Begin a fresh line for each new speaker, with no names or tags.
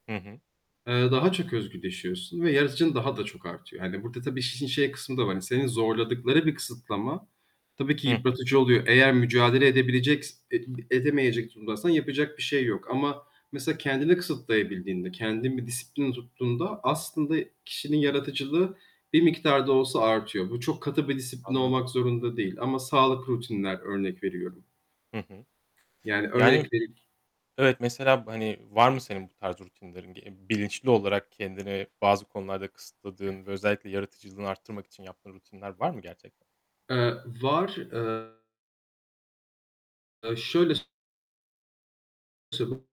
Hı hı.
Eee, daha çok özgürleşiyorsun ve yaratıcılığın daha da çok artıyor. Hani, burada, tabii iş işin şey kısmı da var: Hani senin zorladıkları bir kısıtlama tabii ki
Hı hı.
yıpratıcı oluyor, eğer mücadele edebileceks et edemeyecek durumdaysan yapacak bir şey yok ama mesela kendini kısıtlayabildiğinde, kendin bir disiplinle tuttuğunda aslında kişinin
Hıı.
yaratıcılığı bir miktar da olsa artıyor. Bu çok katı bir disiplin
Anladım.
olmak zorunda değil ama sağlıklı rutinler, örnek veriyorum.
Hı hı.
Yani, örnek
Yani,
vereyim
evet, mesela, hani, var mı senin bu tarz rutinlerin? Bi e bilinçli olarak kendini bazı konularda kısıtladığın ve özellikle yaratıcılığını arttırmak için yaptığın rutinler var mı gerçekten?
Eee, var. Eee Eee, şöyle s [unintelligible]